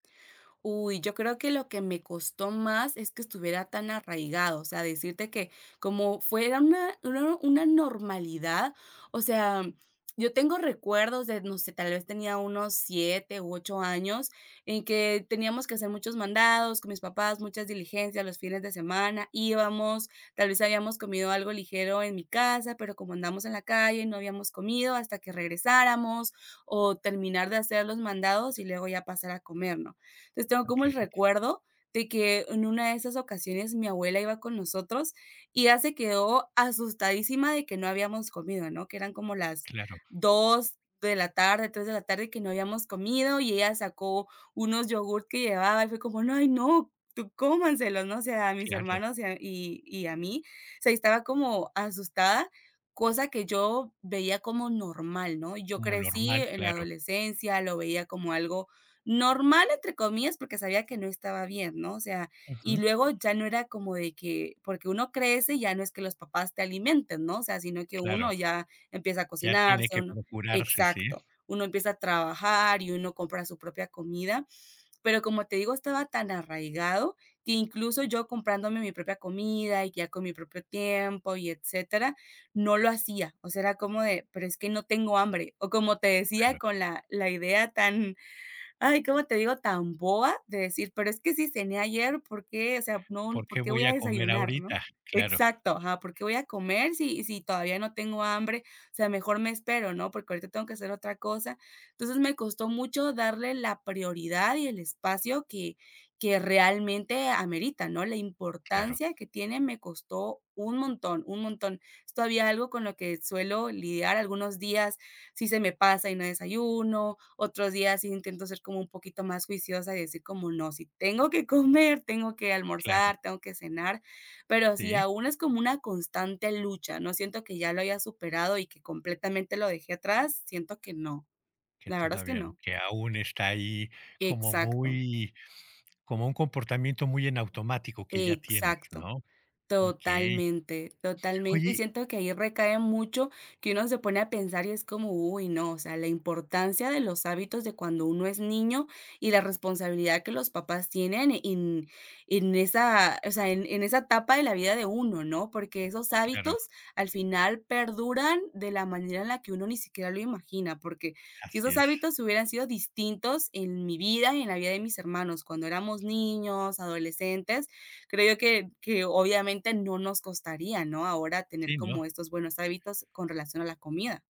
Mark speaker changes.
Speaker 1: Uy, yo creo que lo que me costó más es que estuviera tan arraigado, o sea, decirte que como fue era una una una normalidad, o sea, yo tengo recuerdos de, no sé, tal vez tenía unos 7 u 8 años, en que teníamos que hacer muchos mandados con mis papás, muchas diligencias los fines de semana, íbamos, tal vez habíamos comido algo ligero en mi casa, pero como andamos en la calle, no habíamos comido hasta que regresáramos, o terminar de hacer los mandados y luego ya pasar a comer, ¿no? Entonces, tengo como un
Speaker 2: Okey.
Speaker 1: recuerdo de que en una de esas ocasiones, mi abuela iba con nosotros y ella se quedó asustadísima de que no habíamos comido, ¿no? Que eran como las
Speaker 2: Claro.
Speaker 1: 2 de la tarde, 3 de la tarde que no habíamos comido, y ella sacó unos yogurt que llevaba, y fue como: "No, ay, no, tú cómanselos, ¿no?" O sea, a mis
Speaker 2: Claro.
Speaker 1: hermanos y a y y a mí, se y estaba como asustada, cosa que yo veía como normal, ¿no? Yo
Speaker 2: Lo
Speaker 1: crecí
Speaker 2: normal,
Speaker 1: en la
Speaker 2: claro.
Speaker 1: adolescencia, lo veía como algo "normal", entre comillas, porque sabía que no estaba bien, ¿no? O sea, y
Speaker 2: Ujú.
Speaker 1: luego ya no era como de que, porque uno crece, ya no es que los papás te alimenten, ¿no? O sea, sino que
Speaker 2: Claro,
Speaker 1: uno ya empieza a
Speaker 2: ya tiene
Speaker 1: cocinarse,
Speaker 2: que
Speaker 1: uno
Speaker 2: procurarse, sí.
Speaker 1: Exacto, uno empieza a trabajar y uno compra su propia comida. Pero, como te digo, estaba tan arraigado, que incluso yo comprándome mi propia comida y ya con mi propio tiempo y etcétera, no lo hacía. O sea, era como de: "Pero es que no tengo hambre", o como te decía,
Speaker 2: Claro.
Speaker 1: con la la idea tan, ay ¿cómo te digo?, tan boba de decir: "Pero es que si cené ayer por qué, o sea, no,
Speaker 2: ¿Por qué
Speaker 1: por qué voy
Speaker 2: voy
Speaker 1: a
Speaker 2: a comer
Speaker 1: desayunar", ¿no?
Speaker 2: ahorita? Claro.
Speaker 1: Exacto, ajá porque voy a comer sí sí todavía no tengo hambre, o sea, mejor me espero, ¿no?, porque ahorita tengo que hacer otra cosa, entonces, me costó mucho darle la prioridad y el espacio que que realmente amerita, ¿no? La
Speaker 2: Claro.
Speaker 1: importancia que tiene me costó un montón, un montón. Es todavía algo con lo que suelo lidiar algunos días, sí se me pasa y no desayuno, otros días sí intento ser como un poquito más juiciosa y decir: "¿Como no?, si tengo que comer, tengo que
Speaker 2: Claro.
Speaker 1: almorzar, tengo que cenar", pero sí,
Speaker 2: Sí.
Speaker 1: aún es como una constante lucha, no siento que ya lo haya superado y que completamente lo dejé atrás, siento que no,
Speaker 2: Que
Speaker 1: la verdad es que
Speaker 2: todavía
Speaker 1: no.
Speaker 2: que aún está ahí como
Speaker 1: Exacto.
Speaker 2: muy como un comportamiento muy en automático que ya tienes,
Speaker 1: Exacto,
Speaker 2: ¿no? Okey,
Speaker 1: totalmente totalmente, y
Speaker 2: oye
Speaker 1: siento que ahí recae mucho que uno se pone a pensar y es como, uy no, o sea, la importancia de los hábitos de cuando uno es niño y la responsabilidad que los papás tienen en en esa, o sea, en en esa etapa de la vida de uno, ¿no? Porque esos
Speaker 2: Claro.
Speaker 1: hábitos al final perduran de la manera en la que uno ni siquiera lo imagina, porque si
Speaker 2: Así
Speaker 1: esos
Speaker 2: es.
Speaker 1: hábitos hubieran sido distintos en mi vida y en la vida de mis hermanos cuando éramos niños, adolescentes, creo yo que que, obviamente, no nos costaría, ¿no? Ahora tener
Speaker 2: Sí, ¿no?
Speaker 1: como estos buenos hábitos con relación a la comida.